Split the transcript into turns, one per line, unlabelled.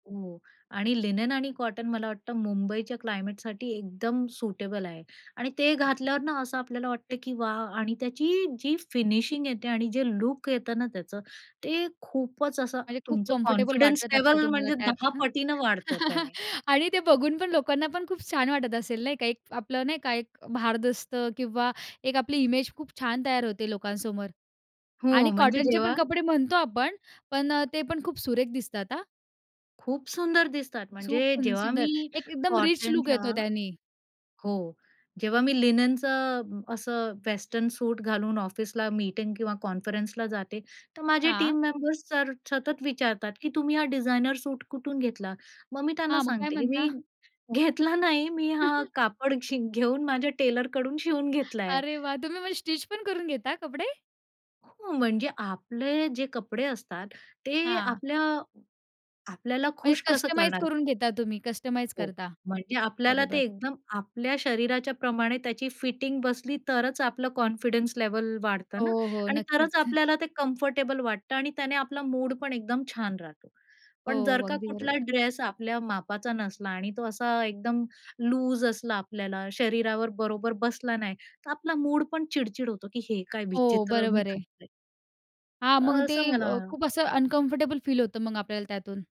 हो. आणि लिनेन आणि कॉटन मला वाटतं मुंबईच्या क्लायमेटसाठी एकदम सुटेबल आहे. आणि ते घातल्यावर ना, असं आपल्याला वाटत की वाह! आणि त्याची जी फिनिशिंग येते, आणि जे लूक येतं ना त्याचं, ते खूपच असं
म्हणजे खूप
तुमचं
कम्फर्टेबल
कॉन्फिडन्स
वाटत असेल
लेव्हल
तुम्हाला
म्हणजे
त्यात
10
ना?
पटीनं वाढतं त्याने.
आणि ते बघून पण लोकांना पण खूप छान वाटत असेल, नाही का, एक आपलं नाही का, एक भारदस्त किंवा एक आपली इमेज खूप छान तयार होते लोकांसमोर.
हो.
आणि
म्हणजे
कॉटनचे पण
जेव्हा
कपडे म्हणतो आपण, पण अ, ते पण खूप सुरेख दिसतात, हां.
खूप सुंदर दिसतात.
सुप
म्हणजे जेव्हा
सुंदर,
मी
एक एकदम रिच लूक
कॉटनच्या
येतो त्यानी.
हो, जेव्हा मी लिनेनचं असं वेस्टर्न सूट घालून ऑफिसला मीटिंग किंवा कॉन्फरन्सला जाते, तर माझे
हां.
टीम मेंबर्स सर सतत विचारतात, की "तुम्ही हा डिझाइनर सूट कुठून घेतला?" मग मी त्यांना
हां, मग काय
सांगते, की
म्हणता?
"मी घेतला नाही, मी हा, कापड शि घेऊन माझ्या टेलरकडून शिवून घेतलाय."
अरे वाह! तुम्ही मग स्टिचपण करून घेता कपडे?
हो. म्हणजे आपले जे कपडे असतात, ते
हां.
आपल्या आपल्याला
म्हणजे
खुश कसं
कस्टमाइझ
करणार?
करून घेता तुम्ही? कस्टमाइझ
हो.
करता.
म्हणजे आपल्याला ते
बरोबर.
एकदम आपल्या शरीराच्या प्रमाणे त्याची फिटिंग बसली, तरचं आपलं कॉन्फिडन्स लेव्हल वाढतं ना
हो, हो.
आणि
नक्कीच.
तरचं आपल्याला ते कम्फर्टेबल वाटतं. आणि त्याने आपला मूडपण एकदम छान राहतो. पण जर
हो.
का
अगदी
कुठला
बरोबर.
ड्रेस आपल्या मापाचा नसला आणि तो असा एकदम लूज असला आपल्याला, शरीरावर बरोबर बसला नाही, तर आपला मूडपण चिड-चिड होतो, की हे काय
हो.
विचित्र मी
बरोबर आहे.
घातलय.
हां.
तर
मग ते
असं मला
अ, खूप असं अनकम्फर्टेबल फील होतं मग आपल्याला त्यातून.